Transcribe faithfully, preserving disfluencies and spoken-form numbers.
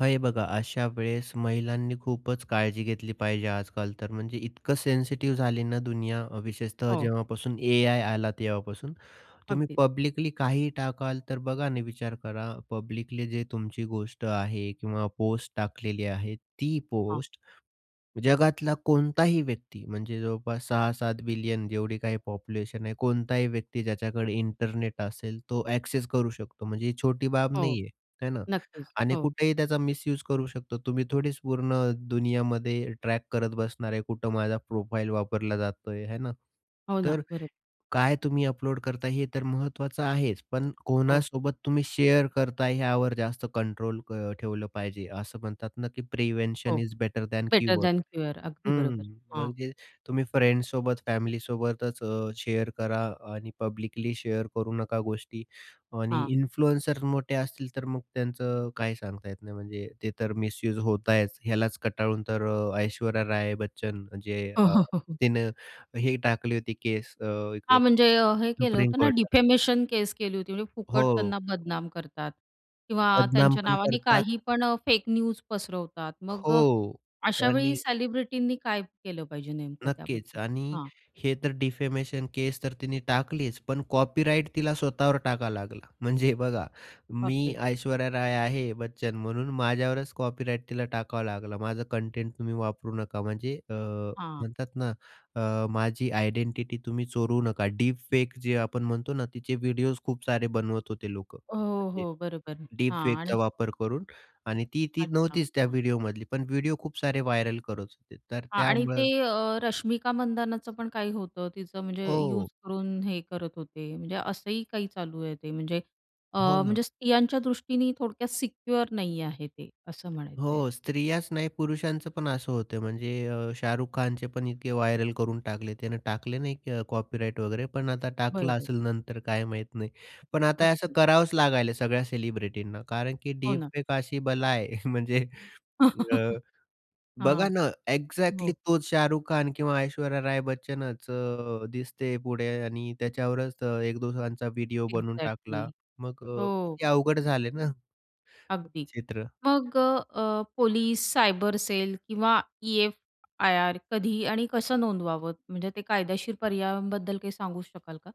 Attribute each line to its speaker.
Speaker 1: हे बघा, अशा वेळेस महिलांनी खूपच काळजी घेतली पाहिजे आजकाल तर म्हणजे इतकं सेन्सिटिव्ह झाली ना, दुनिया. विशेषतः
Speaker 2: हो.
Speaker 1: जेव्हापासून ए आय आला तेव्हापासून. तुम्ही
Speaker 2: अगदीच.
Speaker 1: पब्लिकली काहीही टाकाल, तर बघा, आणि विचार करा. पब्लिकली जे तुमची गोष्ट आहे किंवा पोस्ट टाकलेली आहे, ती
Speaker 2: हां.
Speaker 1: पोस्ट जगातला कोणताही व्यक्ती, म्हणजे जवळपास सहा सात बिलियन जेवढी काही पॉप्युलेशन आहे, कोणताही व्यक्ती ज्याच्याकडे इंटरनेट असेल तो एक्सेस करू शकतो. म्हणजे ही छोटी बाब
Speaker 2: हो,
Speaker 1: नाहीये आहे ना,
Speaker 2: नक्कीच,
Speaker 1: आणि
Speaker 2: हो.
Speaker 1: कुठेही त्याचा मिस्यूज करू शकतो. तुम्ही थोडीच पूर्ण दुनियामध्ये ट्रॅक करत बसणार आहे, कुठे माझा प्रोफाइल वापरला जातोय आहे हाय ना
Speaker 2: हो ना,
Speaker 1: तर,
Speaker 2: बरोब
Speaker 1: काय तुम्ही अपलोड करताय हे तर महत्त्वाचं आहेच, पण
Speaker 2: हो.
Speaker 1: कोणासोबत तुम्ही शेअर करताय ह्यावर जास्त कंट्रोल अ, ठेवलं पाहिजे. असं म्हणतात ना, की
Speaker 2: हो.
Speaker 1: "Prevention is better than
Speaker 2: better
Speaker 1: cure."
Speaker 2: Than cure अगदी
Speaker 1: हं,
Speaker 2: बरोबर हां.
Speaker 1: म्हणजे तुम्ही फ्रेंड्ससोबत फॅमिलीसोबतच अ, शेअर करा आणि पब्लिकली शेअर करू नका गोष्टी, आणि
Speaker 2: हां.
Speaker 1: इन्फ्लुअन्सर मोठे असतील तर मग त्यांचं काही सांगता येत नाही, म्हणजे ते तर मिस युज होतायच. यालाच कंटाळून तर अ, ऐश्वर्या राय बच्चन अ, म्हणजे तिने हे टाकली होती केस अ,
Speaker 2: हां.
Speaker 1: इकडं
Speaker 2: म्हणजे अ, हे केलं
Speaker 1: सुप्रीम
Speaker 2: होतं ना,
Speaker 1: कोर्टात.
Speaker 2: डिफेमेशन केस केली होती. म्हणजे फुकट
Speaker 1: हो.
Speaker 2: त्यांना बदनाम करतात किंवा
Speaker 1: बदनाम
Speaker 2: त्यांच्या
Speaker 1: पण
Speaker 2: नावाने
Speaker 1: करतात.
Speaker 2: काही पण अ, फेक न्यूज पसरवतात. मग अ,
Speaker 1: हो
Speaker 2: अशावेळी
Speaker 1: आणि
Speaker 2: सेलिब्रिटींनी काय केलं पाहिजे नेमकं
Speaker 1: नक्कीच
Speaker 2: त्याबद्दल?
Speaker 1: आणि
Speaker 2: हां.
Speaker 1: हे तर डिफेमेशन केस तर तिने टाकलीच, पण कॉपीराईट तिला स्वतःवर टाकावा लागला. म्हणजे बघा
Speaker 2: बाप
Speaker 1: मी
Speaker 2: रे!
Speaker 1: ऐश्वर्या राय आहे बच्चन, म्हणून माझ्यावरच कॉपीराईट तिला टाकावा लागला. माझा कंटेंट तुम्ही वापरू नका, म्हणजे अ,
Speaker 2: हां.
Speaker 1: म्हणतात ना, माझी अ, आयडेंटिटी तुम्ही चोरू नका. डीप फेक जे आपण म्हणतो ना, तिचे व्हिडिओज खूप सारे बनवत होते लोकं.
Speaker 2: हो,
Speaker 1: म्हणजे
Speaker 2: हो, बरोबर.
Speaker 1: डीप
Speaker 2: हां,
Speaker 1: फेकचा
Speaker 2: आणि
Speaker 1: वापर करून आणि ती ती
Speaker 2: अच्छा,
Speaker 1: नव्हतीच त्या
Speaker 2: हां.
Speaker 1: व्हिडिओमधली. पण व्हिडिओ खूप सारे व्हायरल करत होते. तर
Speaker 2: आणि ते
Speaker 1: त्यामुळं
Speaker 2: अ, रश्मिका मंदानाचं पण काही होतं, तिचं म्हणजे यूज
Speaker 1: हो.
Speaker 2: करून हे करत होते. म्हणजे असंही काही चालू आहे ते म्हणजे अ,
Speaker 1: हो ना.
Speaker 2: म्हणजे स्त्रियांच्या दृष्टीने थोडक्यात सिक्युअर नाही आहे ते, असं म्हणायचंय.
Speaker 1: हो, स्त्रियाच नाही, पुरुषांचं पण असं होतं म्हणजे अ, शाहरुख खानचे पण इतके व्हायरल करून टाकले. त्याने टाकले नाही कॉपीराईट वगैरे, पण आता टाकला
Speaker 2: बरोबर.
Speaker 1: असेल नंतर काय माहीत नाही. पण आता असं
Speaker 2: अगदी.
Speaker 1: करावंच लागायला सगळ्या सेलिब्रिटींना, कारण की
Speaker 2: हो
Speaker 1: डीप
Speaker 2: ना.
Speaker 1: फेक एक अशी बला आहे म्हणजे अ, बघा
Speaker 2: हां,
Speaker 1: ना, एक्झॅक्टली
Speaker 2: हो.
Speaker 1: तोच शाहरुख खान किंवा ऐश्वर्या राय बच्चनच अ, दिसते पुढे, आणि त्याच्यावरच अ, एक दोघांचा व्हिडिओ बनवून टाकला
Speaker 2: एक्झॅक्टली
Speaker 1: मग अ,
Speaker 2: हो.
Speaker 1: किती अवघड झाले ना
Speaker 2: अगदी.
Speaker 1: चित्र.
Speaker 2: मग अ, अ, पोलिस, सायबर सेल, किंवा ई-एफ-आय-आर कधी, आणि कसं नोंदवावं? म्हणजे ते कायदेशीर पर्यायांबद्दल काही सांगू शकाल का?